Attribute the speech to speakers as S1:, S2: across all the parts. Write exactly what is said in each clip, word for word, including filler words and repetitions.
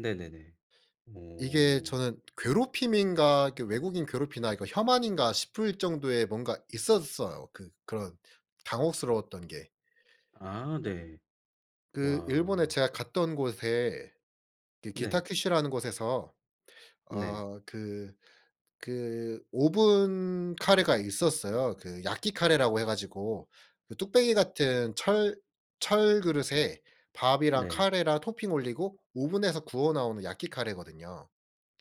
S1: 네네네.
S2: 이게
S1: 어.
S2: 저는 괴롭힘인가? 그 외국인 괴롭히나 이거 혐한인가? 싶을 정도의 뭔가 있었어요. 그 그런 당혹스러웠던 게
S1: 아 네.
S2: 그 일본에
S1: 와.
S2: 제가 갔던 곳에 그
S1: 네.
S2: 기타큐슈라는 곳에서
S1: 네.
S2: 어 그 그 오븐 카레가 있었어요. 그 야끼 카레라고 해 가지고 그 뚝배기 같은 철 철 그릇에 밥이랑,
S1: 네.
S2: 카레랑 토핑 올리고 오븐에서 구워나오는 야끼 카레거든요.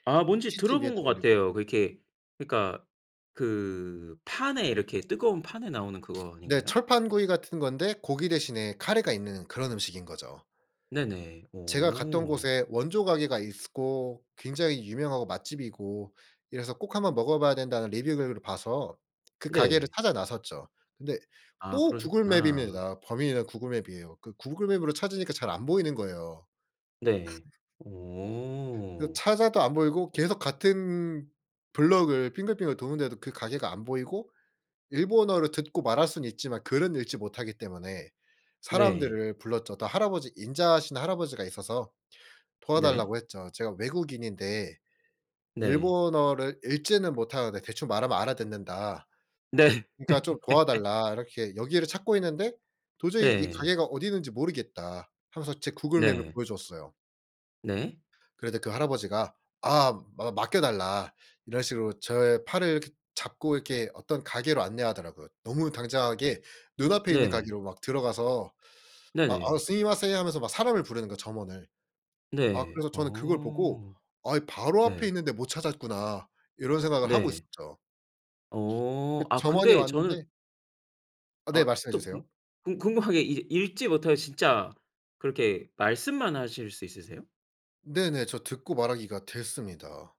S1: 아
S2: 그
S1: 뭔지
S2: 치즈 위에다
S1: 들어본 것
S2: 올리고
S1: 같아요. 그 이렇게 그니까 그 판에 이렇게 뜨거운 판에 나오는 그거
S2: 네
S1: 아닌가요?
S2: 철판구이 같은 건데 고기 대신에 카레가 있는 그런 음식인 거죠.
S1: 네네.
S2: 제가 갔던
S1: 오.
S2: 곳에 원조 가게가 있었고 굉장히 유명하고 맛집이고 이래서 꼭 한 번 먹어 봐야 된다는 리뷰 글을 봐서 그 가게를
S1: 네.
S2: 찾아 나섰죠. 근데
S1: 아
S2: 또 구글
S1: 그러셨구나.
S2: 맵입니다. 범인은 구글 맵이예요. 그 구글 맵으로 찾으니까 잘 안 보이는 거예요.
S1: 네.
S2: 그
S1: 오.
S2: 찾아도 안 보이고 계속 같은 블록을 빙글빙글 도는데도 그 가게가 안 보이고 일본어를 듣고 말할 수는 있지만 글은 읽지 못하기 때문에
S1: 네.
S2: 사람들을 불렀죠. 어떤 할아버지 인자하신, 할아버지가 있어서
S1: 네.
S2: 도와달라고 했죠. "제가 외국인인데
S1: 네.
S2: 일본어를 읽지는 못하는데 대충 말하면 알아듣는다.
S1: 네.
S2: 그러니까 좀 도와달라. 이렇게 여기를 찾고 있는데 도저히 이
S1: 네.
S2: 가게가 어디 있는지 모르겠다." 하면서 제 구글 맵을
S1: 네.
S2: 보여줬어요.
S1: 네.
S2: 그런데 그 할아버지가 아 맡 맡겨달라 이런 식으로 저의 팔을 이렇게 잡고 이렇게 어떤 가게로 안내하더라고요. 너무 당장하게 눈앞에 있는
S1: 네.
S2: 가게로 막 들어가서 막 "아
S1: 네네.
S2: 스미마센." 하면서 막 사람을 부르는 거야 점원을 아
S1: 네.
S2: 그래서 저는 그걸 보고
S1: 어.
S2: '아 이 바로 앞에
S1: 네.
S2: 있는데 못 찾았구나.' 이런 생각을 하고
S1: 네.
S2: 있었죠.
S1: 어.
S2: 그
S1: 아
S2: 점원이
S1: 근데
S2: 왔는데
S1: 저는
S2: 아 네
S1: 아
S2: 말씀해
S1: 또 궁
S2: 주세요.
S1: 궁 궁금한 게 이제 읽지 못하고 진짜 그렇게 말씀만 하실 수 있으세요?
S2: 네네. 저 듣고 말하기가 됐습니다.